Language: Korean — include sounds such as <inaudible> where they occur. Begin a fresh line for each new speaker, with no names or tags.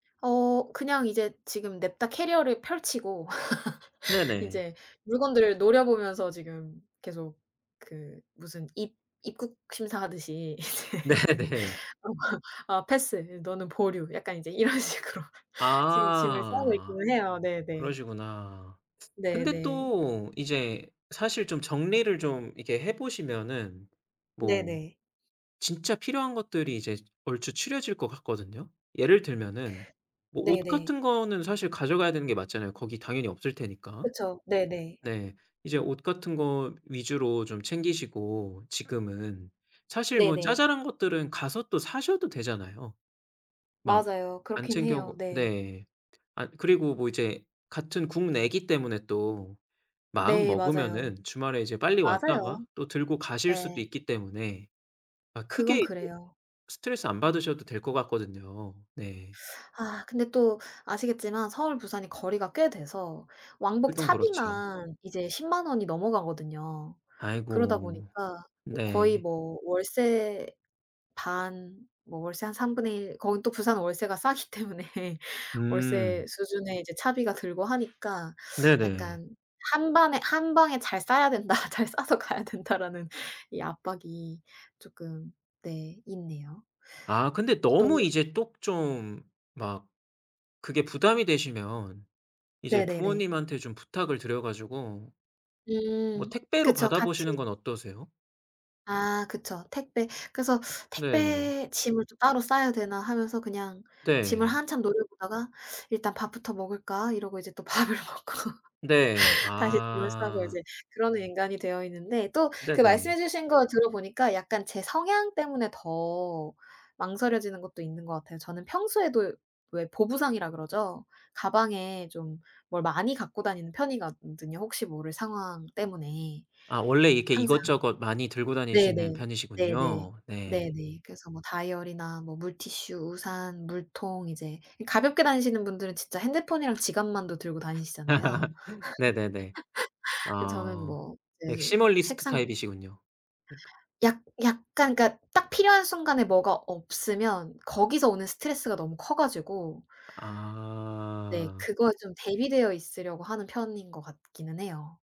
어 그냥 이제 지금 냅다 캐리어를 펼치고 <laughs>
네네.
인제 물건들을 노려보면서 지금 계속 그 무슨 입 입국 심사하듯이 이제
네 네.
어 아 "아 패스. 너는 보류." 약간 이제 이런 식으로 지금 짐을 싸고
아
있기는 해요. 네네.
그러시구나. 근데
네네.
또 이제 사실 좀 정리를 좀 이렇게 해 보시면은 뭐
네네.
진짜 필요한 것들이 이제 얼추 추려질 것 같거든요. 예를 들면은 뭐 옷
네네.
같은 거는 사실 가져가야 되는 게 맞잖아요 거기 당연히 없을 테니까.
그쵸. 네네.
네. 이제 옷 같은 거 위주로 좀 챙기시고 지금은 사실 뭐
네네.
자잘한 것들은 가서 또 사셔도 되잖아요 막
맞아요.
안
그렇긴
챙겨
해요.
오고
네.
네 아 그리고 뭐 이제 같은 국내기 때문에 또
네. 맞아요.
마음먹으면은 주말에 이제 빨리 왔다가
맞아요.
또 들고 가실 수도
예.
있기 때문에 막
그건
크게 예
그래요.
스트레스 안 받으셔도 될 것 같거든요. 네.
아 근데 또 아시겠지만 서울 부산이 거리가 꽤 돼서 왕복
일동 그렇죠.
차비만 이제 100,000 원이 넘어가거든요. 그러다
아이고.
보니까 거의
네.
뭐 월세 반 뭐 월세 한 1/3 거기 또 부산은 월세가 싸기 때문에
음.
월세 수준의 이제 차비가 들고 하니까
네네.
약간 '1 반에 1 방에 잘 싸야 된다. 잘 싸서 가야 된다.'라는 이 압박이 쪼끔 네 있네요.
아 근데 너무
또
이제 또 좀 막 그게 부담이 되시면 이제
네네네.
부모님한테 좀 부탁을 드려 가지고 뭐
음.
택배로
그쵸.
받아
같이
보시는 건 어떠세요?
아 그쵸. 택배 그래서
네.
'택배 짐을 좀 따로 싸야 되나?' 하면서 그냥 짐을
네.
한참 노려보다가 '일단 밥부터 먹을까?' 이러고 이제 또 밥을 먹고
네.
<laughs> 다시 짐을 싸고
아.
이제 그러는 인간이 되어 있는데 또 그 말씀해
네네.
주신 거 들어 보니까 약간 제 성향 때문에 더 망설여지는 것도 있는 것 같아요. 저는 평소에도 왜 보부상이라 그러죠. 가방에 좀 뭘 많이 갖고 다니는 편이거든요 혹시 모를 상황 때문에
아 원래 이렇게
항상.
이것저것 많이 들고 다니시는
네네. 네네.
편이시군요. 네.
네네. 그래서 뭐 다이어리나 뭐 물티슈, 우산, 물통 이제 이 가볍게 다니시는 분들은 진짜 핸드폰이랑 지갑만도 들고 다니시잖아요.
<laughs> 네네네.
<laughs> 그 저는
아
뭐 이제
맥시멀리스트
책상
타입이시군요 그니까.
약 약간 그러니까 딱 필요한 순간에 뭐가 없으면 거기서 오는 스트레스가 너무 커 가지고 네
아.
그거에 좀 대비되어 있으려고 하는 편인 것 같기는 해요.